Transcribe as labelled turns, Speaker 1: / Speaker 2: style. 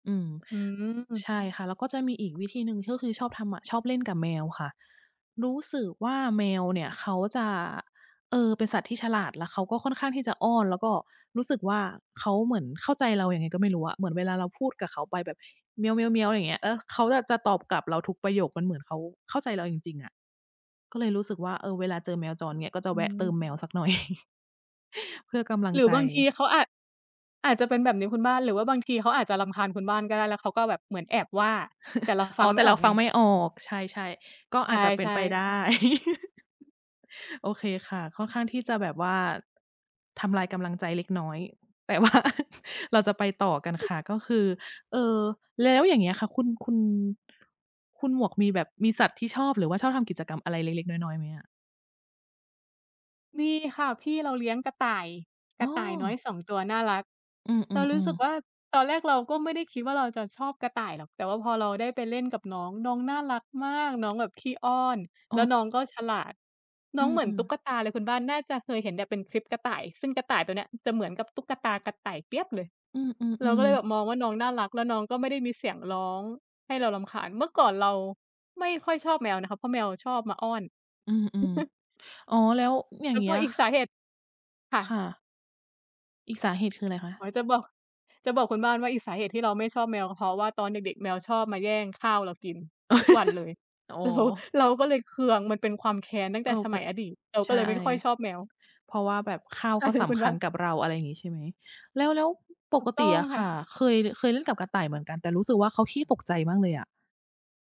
Speaker 1: อืม
Speaker 2: อือ
Speaker 1: ใช่ค่ะ แล้วก็จะมีอีกวิธีหนึ่งที่ก็คือชอบทำอะ ชอบเล่นกับแมวค่ะ รู้สึกว่า แมวเนี่ยเขาจะ เอ่อ เป็นสัตว์ที่ฉลาด แล้วเขาก็ค่อนข้างที่จะอ้อน แล้วก็รู้สึกว่าเขาเหมือนเข้าใจเรายังไงก็ไม่รู้อะ เหมือนเวลาเราพูดกับเขาไปแบบ เมี้ยว ๆ ๆ อย่างเงี้ย แล้วเขาแบบจะตอบกลับเราทุกประโยค มันเหมือนเขาเข้าใจเราจริง ๆ อะ ก็เลยรู้สึกว่า เออ เวลาเจอแมวจรเงี้ย ก็จะ
Speaker 2: อ
Speaker 1: แวะเติ
Speaker 2: ือ
Speaker 1: มแมวสักหน่อย เพื่อกำลัง
Speaker 2: หรื
Speaker 1: ใ
Speaker 2: อ
Speaker 1: จ
Speaker 2: บางทีเขาอาจ อาจจะเป็นแบบนี้คุณบ้าน หรือว่าบางทีเขาอาจจะรำคาญคุณบ้านก็ได้ แล้วเขาก็แบบเหมือนแอบว่า แต่เราฟ
Speaker 1: อ
Speaker 2: ั
Speaker 1: ๋อ
Speaker 2: งไ
Speaker 1: แ
Speaker 2: ม
Speaker 1: ต่
Speaker 2: ่อ
Speaker 1: เรา
Speaker 2: อก
Speaker 1: ฟ
Speaker 2: ไ
Speaker 1: ั
Speaker 2: ง
Speaker 1: งไม่ออก ใช่ ๆ ก็
Speaker 2: ใ
Speaker 1: อาจจะเป็น
Speaker 2: ช่
Speaker 1: ไป
Speaker 2: ๆ
Speaker 1: ได้ โอเคค่ะ ค่อนข้างที่จะแบบว่า ทำลายกำลังใจเล็กน้อย แต่ ว่า เราจะไปต่อกันค่ะ ก็คือ เอ่อ แล้วอย่างเงี้ยค่ะ คุณ คุณ คุณหมวกมีแบบมีสัตว์ที่ชอบ หรือว่าชอบทำกิจกรรมอะไรเล็ก ๆ น้อย ๆ ไหมอะ?
Speaker 2: มีค่ะ พี่เราเลี้ยงกระต่าย ก
Speaker 1: อ้
Speaker 2: ระต่ายน้อ
Speaker 1: อ
Speaker 2: ย 2 ตัวน่ารัก
Speaker 1: อื
Speaker 2: เรารู้ส
Speaker 1: ม
Speaker 2: ึก
Speaker 1: ๆ
Speaker 2: ว่
Speaker 1: ๆ
Speaker 2: า ตอนแรกเราก็ไม่ได้คิดว่า เราจะชอบกระต่ายหรอก แต่ว่าพอเราได้ไปเล่นกับน้อง น้องน่ารักมาก น้องแบบขี้อ้อน
Speaker 1: อ
Speaker 2: แล้ว
Speaker 1: ๋อ
Speaker 2: น้องก็ฉลาด น้
Speaker 1: อื
Speaker 2: องเหมือน
Speaker 1: ม
Speaker 2: ตุ๊
Speaker 1: ๆ
Speaker 2: กตาเลย คุณบ้านน่าจะเคยเห็นแบบเป็นคลิปกระต่าย ซึ่งกระต่ายตัวเนี้ยจะเหมือนกับตุ๊กตากระต่ายเปี๊ยบเลย
Speaker 1: อื
Speaker 2: เราก็
Speaker 1: ม
Speaker 2: เลยแบ
Speaker 1: ๆ ๆ
Speaker 2: บมองว่าน้องน่ารัก แล้วน้องก็ไม่ได้มีเสียงร้องให้เรารำคาญ เมื่อก่อนเราไม่ค่อยชอบแมวนะคะ เพราะแมวชอบมาอ้อน
Speaker 1: อืม ๆ อ๋อ แล้วอย่
Speaker 2: แ
Speaker 1: า
Speaker 2: ล
Speaker 1: ง
Speaker 2: ้
Speaker 1: เ
Speaker 2: ว
Speaker 1: งี
Speaker 2: ก
Speaker 1: ้
Speaker 2: ็
Speaker 1: ย
Speaker 2: อีกสาเหตุ ค่
Speaker 1: ค่
Speaker 2: ะ
Speaker 1: ะ อีกสาเหตุคือไรคะ?
Speaker 2: อ๋อ จะบอก จะบอกคุณบ้านว่าอีกสาเหตุที่เราไม่ชอบแมว เพราะว่าตอนเด็ก ๆ แมวชอบมาแย่งข้าวเรากินทุกวันเลย
Speaker 1: อ๋อ
Speaker 2: เรา เราก็เลยเคือง มันเป็นความแค้นตั้ง
Speaker 1: เ
Speaker 2: แต่
Speaker 1: ออ
Speaker 2: ส
Speaker 1: เป
Speaker 2: ม
Speaker 1: ็
Speaker 2: ั
Speaker 1: น
Speaker 2: ยอดีต เราก
Speaker 1: ใ
Speaker 2: ็
Speaker 1: ช
Speaker 2: เ
Speaker 1: ่
Speaker 2: ลยไม่ค่อยชอบแมว
Speaker 1: เพราะว่าแบบข้าว
Speaker 2: ใช่
Speaker 1: ก็
Speaker 2: ค่
Speaker 1: ส
Speaker 2: ะคุ
Speaker 1: ำ
Speaker 2: ณ
Speaker 1: ค
Speaker 2: บ
Speaker 1: ั
Speaker 2: ้า
Speaker 1: ญ
Speaker 2: น
Speaker 1: กับเรา อะไรอย่างงี้ ใช่ไหม แล้ว ๆ ป
Speaker 2: ถู
Speaker 1: ก
Speaker 2: กต
Speaker 1: ต
Speaker 2: ้
Speaker 1: ิ
Speaker 2: อง
Speaker 1: อะ
Speaker 2: ค
Speaker 1: ค
Speaker 2: ่ะ
Speaker 1: ่ะ เคย ล เคยเล่นกับกระต่ายเหมือนกัน แต่รู้สึกว่าเขาขี้ตกใจมากเลยอะ